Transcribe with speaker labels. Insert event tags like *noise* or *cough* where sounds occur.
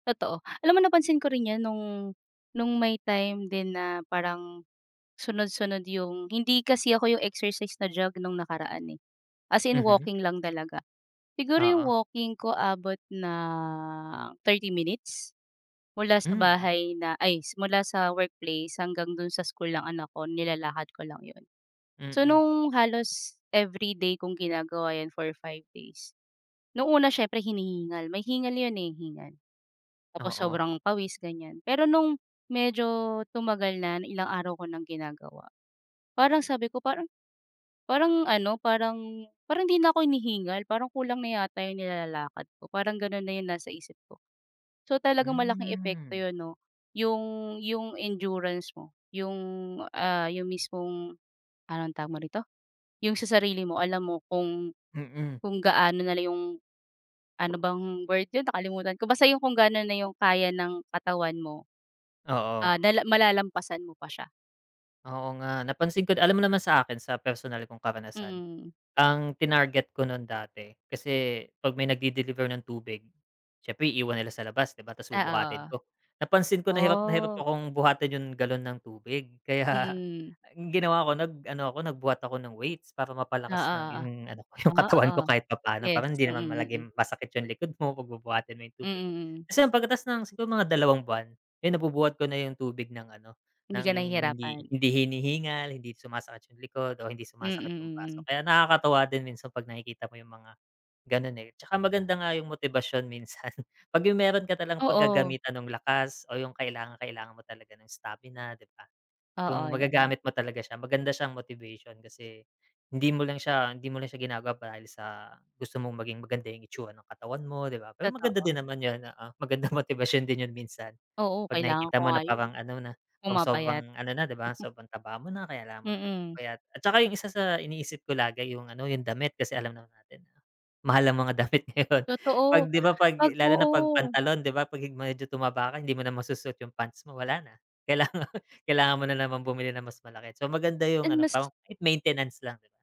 Speaker 1: Totoo, alam mo napansin ko rin yung nung nung may time din na parang sunod-sunod yung hindi kasi ako yung exercise na jog nung nakaraan, eh, as in
Speaker 2: Mhm.
Speaker 1: walking lang talaga. Siguro yung
Speaker 2: Oo.
Speaker 1: walking ko abot ng 30 minutes, mula sa
Speaker 2: Hmm.
Speaker 1: bahay na ay simula sa workplace hanggang do'n sa school ng anak ko nilalakad ko lang 'yon. So
Speaker 2: Mm.
Speaker 1: nung halos everyday kung ginagawa yun for 5 days, nung una siyempre hinihingal, may hingal 'yon, eh, hingal. Tapos
Speaker 2: Oo.
Speaker 1: sobrang pawis ganiyan, pero nung medyo tumagal na ilang araw ko ng ginagawa, parang sabi ko parang parang ano, parang parang hindi na ko hinihingal parang kulang na yata yung nilalakad ko parang ganun na yung nasa isip ko. So talagang malaking epekto
Speaker 2: Hmm.
Speaker 1: yun no, yung yung endurance mo yung ah, yung mismong anong tawag mo rito, yung sa sarili mo alam mo kung
Speaker 2: Mm.
Speaker 1: kung gaano nalang yung ano bang word yun nakalimutan ko, basta yung kung gaano na yung kaya ng katawan mo.
Speaker 2: Oo.
Speaker 1: Ah, dala malalampasan mo pa siya.
Speaker 2: Oo nga, napansin ko alam mo naman sa akin sa personal kong karanasan,
Speaker 1: Mm.
Speaker 2: ang tinarget ko nun dati kasi 'pag may nag-de-deliver ng tubig, siyempre iiwan nila sa labas 'di ba ta's bubuhatin
Speaker 1: Oo.
Speaker 2: ko. Napansin ko na hirap na hirap
Speaker 1: Oh.
Speaker 2: akong buhatin yung galon ng tubig kaya
Speaker 1: Hmm.
Speaker 2: ginawa ko nag ano ako, nagbuhat ako ng weights para
Speaker 1: Oo,
Speaker 2: mapalakas ng
Speaker 1: oo.
Speaker 2: yung ano yung
Speaker 1: O,
Speaker 2: katawan
Speaker 1: oo.
Speaker 2: ko kahit papaano,
Speaker 1: Yes,
Speaker 2: parang hindi
Speaker 1: mm
Speaker 2: naman
Speaker 1: mm.
Speaker 2: palaging masakit yung likod mo 'pag bubuhatin mo yung tubig.
Speaker 1: Mm.
Speaker 2: Tapos ayun pagkatapos ng mga dalawang buwan, ayun nabubuhat ko na yung tubig ng ano
Speaker 1: Hindi ka
Speaker 2: ng hindi
Speaker 1: nahihirapan.
Speaker 2: hindi hinihingal, hindi sumasakit yung likod, o hindi
Speaker 1: Mm,
Speaker 2: sumasakit yung braso
Speaker 1: mm.
Speaker 2: ko, kaya nakakatuwa din minsan 'pag nakikita mo yung mga ganun, eh, 'tsaka maganda nga yung motibasyon minsan 'pag yung meron ka talang
Speaker 1: Oo.
Speaker 2: paggagamitan nung lakas o yung kailangang-kailangan mo talaga ng stamina na, 'di ba.
Speaker 1: Oo
Speaker 2: Yung
Speaker 1: yun.
Speaker 2: magagamit mo talaga siya maganda siya motivation kasi, hindi mo lang siya hindi mo lang siya ginagawa dahil sa gusto mong maging maganda yung itsura ng katawan mo 'di ba, pero maganda
Speaker 1: Totoo.
Speaker 2: din naman yun oo, magandang motibasyon din yun minsan.
Speaker 1: Oo,
Speaker 2: 'Pag
Speaker 1: kailangan ko
Speaker 2: nakikita mo
Speaker 1: nga
Speaker 2: na
Speaker 1: yun,
Speaker 2: parang ano na kung
Speaker 1: pumapayat.
Speaker 2: sobrang ano na 'di ba, sobrang taba mo na. Kaya kailangan mo na
Speaker 1: Mm.
Speaker 2: magpapayat at saka yung isa sa iniisip ko lagi yung ano yung damit kasi alam naman natin, mahal ang mga damit ngayon, 'pag
Speaker 1: Totoo,
Speaker 2: 'di ba 'pag
Speaker 1: 'pag
Speaker 2: lalo na 'pag
Speaker 1: oo.
Speaker 2: pantalon 'di ba pag medyo tumaba ka hindi mo na masusuot yung pants mo, wala na kailangan *laughs* kailangan mo na namang bumili ng mas malaki. So maganda yung
Speaker 1: And
Speaker 2: ano
Speaker 1: mas
Speaker 2: parang kahit maintenance lang.